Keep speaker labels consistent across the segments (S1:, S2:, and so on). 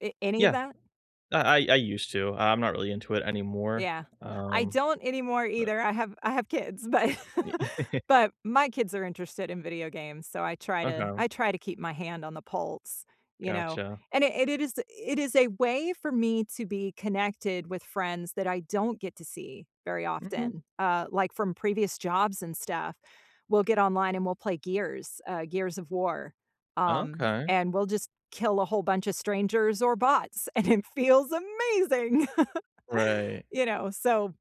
S1: A any of
S2: Yeah,
S1: that?
S2: I I I used to, I'm not really into it anymore,
S1: Yeah, I
S2: um,
S1: don't anymore
S2: but
S1: either. I have I have kids, but
S2: Y
S1: but my kids are interested in video games, so I try to
S2: Okay.
S1: I try to keep my hand on the pulse, you know,
S2: Gotcha.
S1: and it it is it is a way for me to be connected with friends that I don't get to see very
S2: Mhm.
S1: often, uh, like, from previous jobs and stuff, we'll get online and we'll play Gears, uh, Gears of War, um,
S2: Okay.
S1: and we'll just kill a whole bunch of strangers or bots, and it feels amazing!
S2: Right.
S1: You know, so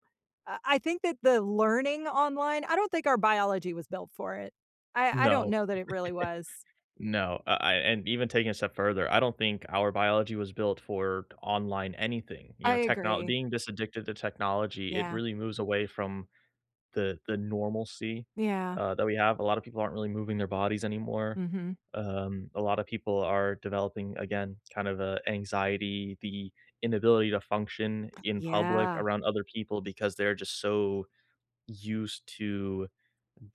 S1: I I think that the learning online I don't think our biology was built for it. I I don't
S2: No.
S1: know that it really was.
S2: No, I I and even taking a step further, I don't think our biology was built for online anything, you
S1: I
S2: know, technol
S1: agree.
S2: being this addicted to technology, it
S1: Yeah.
S2: really moves away from the the normalcy,
S1: Yeah.
S2: uh, that we have. A lotta people aren't really moving their bodies anymore.
S1: Mhm.
S2: Um, a lotta people are developing, again, kinda of, uh, anxiety, the inability to function in public
S1: Yeah.
S2: around other people because they're just so used to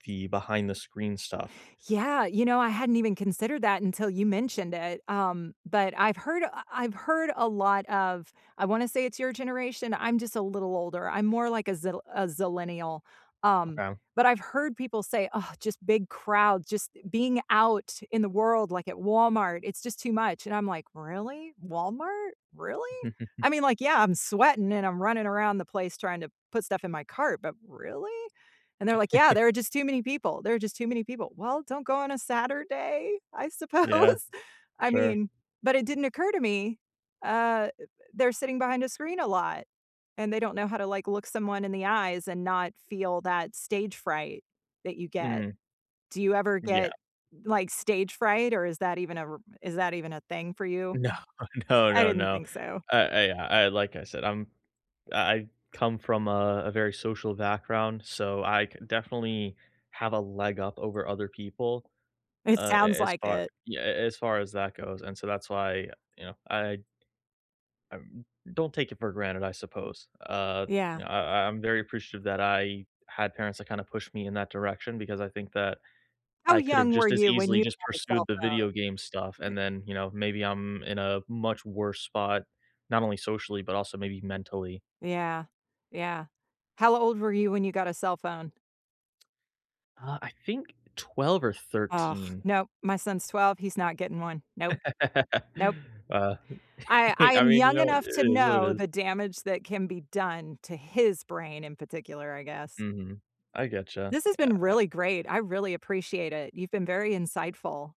S2: the behind the screen stuff.
S1: Yeah, you know, I hadn't even considered that until you mentioned it, um, but, I've heard, uh, I've heard a lot of, I wanna say it's your generation, I'm just a little older, I'm more, like, a zil a zillennial, um,
S2: Okay.
S1: but, I've heard people say, "Just big crowds, just being out in the world, like, at Walmart, it's just too much," and I'm, like, "Really? Walmart? Really?" I mean, like, yeah, I'm sweating and I'm running around the place trying to put stuff in my cart, but, really? And they're, like, "Yeah, there are just too many people, there are just too many people." "Well, don't go on a Saturday, I suppose.
S2: Yeah,
S1: I
S2: sure.
S1: mean, but, it didn't occur to me, uh, th th they're sitting behind a screen a lot, and they don't know how to, like, look someone in the eyes and not feel that stage fright that you get.
S2: Mm.
S1: Do you ever
S2: Yeah.
S1: get, like, stage fright, or is that even a r is that even a thing for you?
S2: No, no,
S1: I
S2: no,
S1: didn't
S2: no.
S1: think so.
S2: I I I like I said, "I'm I I come from a a very social background," so I c definitely have a leg up over other people,
S1: It
S2: uh,
S1: sounds
S2: a as
S1: like
S2: far
S1: it.
S2: yeah, as far as that goes, and so that's why, you know, I I don't take it for granted, I suppose. Uh,
S1: Yeah.
S2: you know, I I I'm very appreciative that I had parents that kinda pushed me in that direction because I think that
S1: How
S2: I could have
S1: young were
S2: just as
S1: you when
S2: easily
S1: you
S2: just
S1: had a
S2: pursued
S1: cell
S2: the
S1: phone?
S2: video game stuff
S1: Y
S2: and then, you know, maybe I'm in a much worse spot, not only socially, but, also maybe mentally.
S1: Yeah, yeah. How old were you when you got a cell phone?
S2: Uh, I think 12 or
S1: Ugh,
S2: 13.
S1: nope, my son's 12, he's not getting one. Nope. Nope.
S2: Uh,
S1: I I
S2: I
S1: am
S2: mean, you
S1: young
S2: know,
S1: enough to
S2: it is what it
S1: know
S2: is.
S1: the damage that can be done to his brain in particular, I guess.
S2: Mhm. I get you,
S1: This has
S2: yeah
S1: been
S2: I
S1: really great. I really appreciate it. You've been very insightful.